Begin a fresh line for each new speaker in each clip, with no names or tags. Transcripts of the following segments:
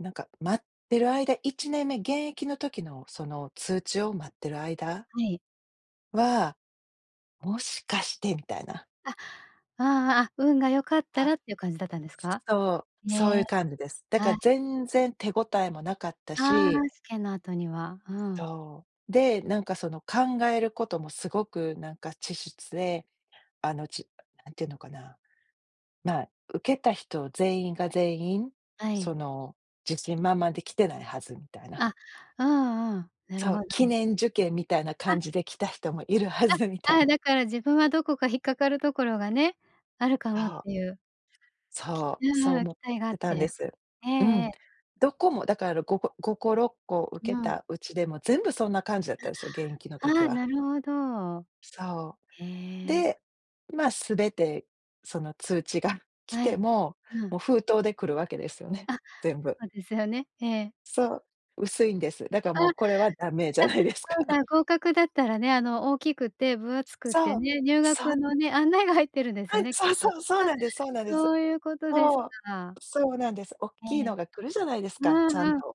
なんか待ってる間1年目、現役の時のその通知を待ってる間
はい。
は、「もしかして」みたいな。
あ。ああ、あ、運が良かった
は。
らってゆう感じだったんですか？
そう、
へ
そうゆ
え、
う感じです。だ
は
か、
い。
全然手ごたえもなかった
あ
し
あ、試験の後には、うん。
そう。で、なんかその考えることもすごくなんか稚拙で、あの、ち、なんていうのかな、「まあ、受けた人全員が全員、
はい。
その、自信満々で来てないはず」みたいな。
あ、うんうん、なる
そ
ほ
う、「記
ど。
念受験みたいな
あ！
感じで来た人もいるは
あ！
ず」みたい
ああ、
な。
だから自分はどこか引っかかるところがね、あるか
あ
もっ
ほ。
ていう。
そ
き
う、
う
そう
んうん、
思
期
っ
待があっ
てたんで
て、
す。
ええ
うん。
ええ。
どこもだから、ろ5個5個、 6個受
う
け
ん。
たうちでも全部そんな感じだったんですよ、現役の
あ、
時
ああ、な
は。
るほど。
そ
へ
う。
え。
で、ま、全てその通知が来
は
て
い。
も、
うん。
もう封筒で来るわけですよね、
あ。
全部。
そうですよね、ええ。
そう、薄いんです。だか
あ、じ
もう、これはダメじゃないです
ゃ、そう、じゃ
か。
あ、合格だったらね、あの、大きくて分厚くて
そう。
ね、入
そう。
学のね、案内が入ってるんです
は
よ
い！
ね、きっ
そう
と。
そう、そう
あ、
なんですそうなんです。
そうゆうことです
そう、
か。
そうなんです、おっ
え
きい
え。
のが来るじゃないですか、
う
ち
ん
ゃん
うん、
と。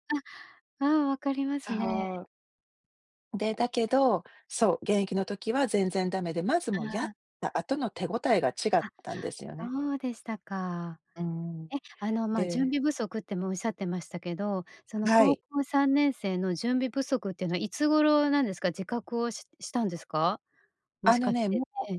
あ、うん、分かりますね。
そう。で、だけど、そう、現役の時は全然ダメで、まずもう
あ
やっ
あ。
た後の手ごたえが違っ
あ。
たんですよね。
そうでしたか。
うん。
え、あの、ま、準
で
備不足ってもおっしゃってましたけど、その
は
高
い。
校3年生の準備不足ってのはいつ頃、なんですか、自覚をししたんですか？も
あ
し
の
かし
ね、も
て
う
ええ。